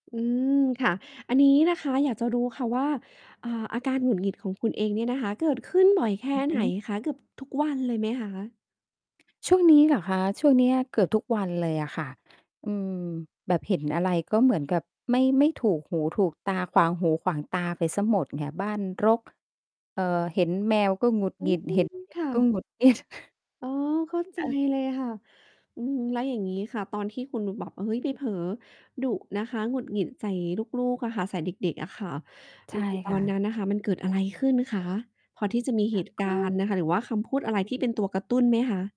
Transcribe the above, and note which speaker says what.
Speaker 1: อืม ค่ะ อันนี้นะคะอยากจะรู้ค่ะว่า อ่า อาการหงุดหงิดของคุณเองเนี่ยนะคะ เกิดขึ้นบ่อยแค่
Speaker 2: อือ
Speaker 1: ไ
Speaker 2: ฮ
Speaker 1: หน
Speaker 2: ึ
Speaker 1: คะ เกือบทุกวันเลยไหมคะ?
Speaker 2: ช่วงนี้เหรอคะ? ช่วงเนี้ยเกือบทุกวันเลยอะค่ะ อืม แบบเห็นอะไรก็เหมือนกับไม่ ไม่ถูกหูถูกตา ขวางหูขวางตาไปเสียหมดไง บ้านรก เอ่อ เห็นแมวก็หงุด
Speaker 1: อื
Speaker 2: หงิ
Speaker 1: ม
Speaker 2: ด เห็น เด็
Speaker 1: ค
Speaker 2: ก
Speaker 1: ่
Speaker 2: ก็
Speaker 1: ะ
Speaker 2: หงุดหงิด
Speaker 1: อ๋อ เข้า ใจเลยค่ะ อืม แล้วอย่างงี้ค่ะ ตอนที่คุณแบบบอก "เฮ้ย ไปเผลอ ดุ" นะคะ หงุดหงิดใส่ลูก ๆ อะค่ะ ใส่เด็ก ๆ อะค่ะ
Speaker 2: ใช
Speaker 1: ค
Speaker 2: ่
Speaker 1: ือ ต
Speaker 2: ค
Speaker 1: อ
Speaker 2: ่
Speaker 1: นน
Speaker 2: ะ
Speaker 1: ั้นน่ะค่ะ มันเกิดอะไรขึ้นคะ? พอที่จะมีเหตุก
Speaker 2: ก
Speaker 1: ารณ
Speaker 2: ็
Speaker 1: ์น่ะค่ะ หรือว่าคำพูดอะไรที่เป็นตัวกระตุ้นไหมคะ?